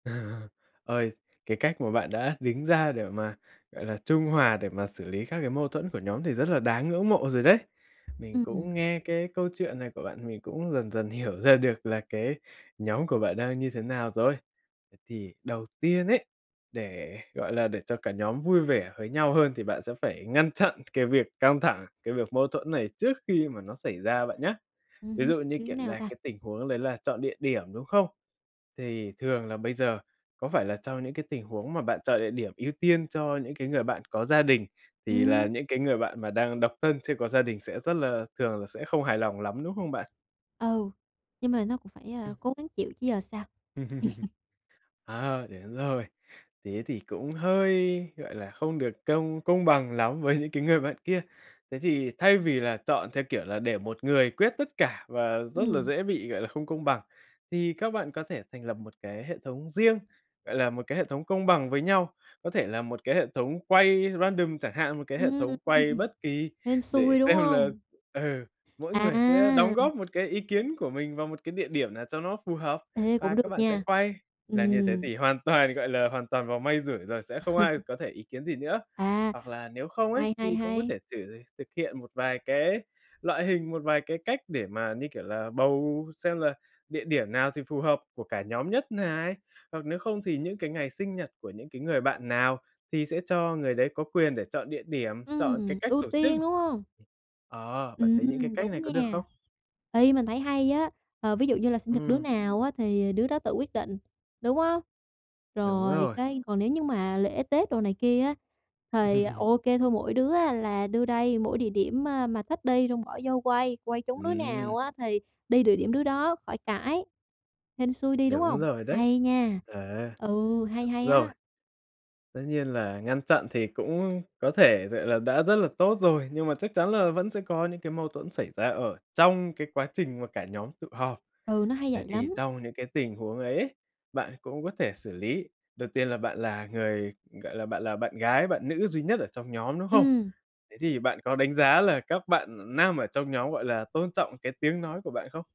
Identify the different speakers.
Speaker 1: Ơi, cái cách mà bạn đã đứng ra để mà, gọi là, trung hòa để mà xử lý các cái mâu thuẫn của nhóm thì rất là đáng ngưỡng mộ rồi đấy. Mình cũng
Speaker 2: Ừm.
Speaker 1: nghe cái câu chuyện này của bạn mình cũng dần dần hiểu ra được là cái nhóm của bạn đang như thế nào rồi. Thế thì đầu tiên ấy, để, gọi là, để cho cả nhóm vui vẻ với nhau hơn thì bạn sẽ phải ngăn chặn cái việc căng thẳng, cái việc mâu thuẫn này trước khi mà nó xảy ra bạn nhá.
Speaker 2: Ừm
Speaker 1: Ví
Speaker 2: hưm,
Speaker 1: dụ như,
Speaker 2: như thế
Speaker 1: kiểu
Speaker 2: nào
Speaker 1: là,
Speaker 2: ta?
Speaker 1: cái tình huống đấy là chọn địa điểm, đúng không? Thì thường là bây giờ có phải là trong những cái tình huống mà bạn chọn địa điểm ưu tiên cho những cái người bạn có gia đình thì là
Speaker 2: Ừm.
Speaker 1: những cái người bạn mà đang độc thân chưa có gia đình sẽ rất là thường là sẽ không hài lòng lắm, đúng không bạn?
Speaker 2: Ừ, nhưng mà nó cũng phải, a,
Speaker 1: Ừm.
Speaker 2: cố gắng chịu chứ giờ sao?
Speaker 1: Ờ, đến rồi. Thế thì cũng hơi, gọi là, không được công công bằng lắm với những cái người bạn kia. Thế thì thay vì là chọn theo, kiểu là, để một người quyết tất cả và rất là
Speaker 2: Ừm.
Speaker 1: dễ bị, gọi là, không công bằng, thì các bạn có thể thành lập một cái hệ thống riêng, gọi là, một cái hệ thống công bằng với nhau, có thể là một cái hệ thống quay random chẳng hạn, một cái hệ
Speaker 2: Ừm,
Speaker 1: thống quay bất kỳ
Speaker 2: hên
Speaker 1: để
Speaker 2: xui, đúng
Speaker 1: xem là,
Speaker 2: hông?
Speaker 1: ừ, mỗi người sẽ đóng
Speaker 2: À.
Speaker 1: góp một cái ý kiến của mình vào một cái địa điểm nào cho nó phù hợp
Speaker 2: Ê,
Speaker 1: và
Speaker 2: cũng
Speaker 1: các
Speaker 2: được
Speaker 1: bạn sẽ
Speaker 2: nha,
Speaker 1: quay. Làm như thế
Speaker 2: ừm.
Speaker 1: thì hoàn toàn, gọi là, hoàn toàn vào may rủi rồi sẽ không ai có thể ý kiến gì nữa.
Speaker 2: À,
Speaker 1: Hoặc là, nếu không ấy
Speaker 2: hay, hay,
Speaker 1: thì cũng có
Speaker 2: hay.
Speaker 1: thể thử thực hiện một vài cái loại hình, một vài cái cách để mà, như kiểu là, bầu xem là địa điểm nào thì phù hợp của cả nhóm nhất này, hoặc nếu không thì những cái ngày sinh nhật của những cái người bạn nào thì sẽ cho người đấy có quyền để chọn địa điểm, chọn cái
Speaker 2: Ừm,
Speaker 1: cách
Speaker 2: ưu
Speaker 1: tổ chức.
Speaker 2: tiên, đúng hông?
Speaker 1: Ờ, bạn thấy những cái
Speaker 2: Ừm,
Speaker 1: cách này
Speaker 2: đúng
Speaker 1: có được
Speaker 2: nha,
Speaker 1: không?
Speaker 2: ê, mình thấy hay á. Ờ, ví dụ như là sinh thật đứa
Speaker 1: Ừm.
Speaker 2: nào á thì đứa đó tự quyết định, đúng hông?
Speaker 1: Đúng
Speaker 2: Rồi,
Speaker 1: rồi.
Speaker 2: cái còn nếu như mà lễ Tết đồ này kia á, thì ô kê thôi mỗi đứa á là đưa đây mỗi địa điểm, a, mà thích đi xong bỏ vô quay, quay trúng đứa
Speaker 1: Ừm.
Speaker 2: nào á thì đi địa điểm đứa đó khỏi cãi, hên xui đi đúng
Speaker 1: Đúng
Speaker 2: hông?
Speaker 1: rồi đấy,
Speaker 2: Hay nha,
Speaker 1: ờ,
Speaker 2: ừ, hay,
Speaker 1: đúng
Speaker 2: hay
Speaker 1: rồi.
Speaker 2: á.
Speaker 1: Tất nhiên là ngăn chặn thì cũng có thể, gọi là, đã rất là tốt rồi, nhưng mà chắc chắn là vẫn sẽ có những cái mâu thuẫn xảy ra ở trong cái quá trình mà cả nhóm tụ họp.
Speaker 2: Ừ, nó hay
Speaker 1: Vậy
Speaker 2: vậy
Speaker 1: thì
Speaker 2: lắm.
Speaker 1: trong những cái tình huống ấy, bạn cũng có thể xử lý. Đầu tiên là bạn là người, gọi là, bạn là bạn gái bạn nữ duy nhất ở trong nhóm, đúng không?
Speaker 2: Ừm.
Speaker 1: Thế thì bạn có đánh giá là các bạn nam ở trong nhóm, gọi là, tôn trọng cái tiếng nói của bạn không?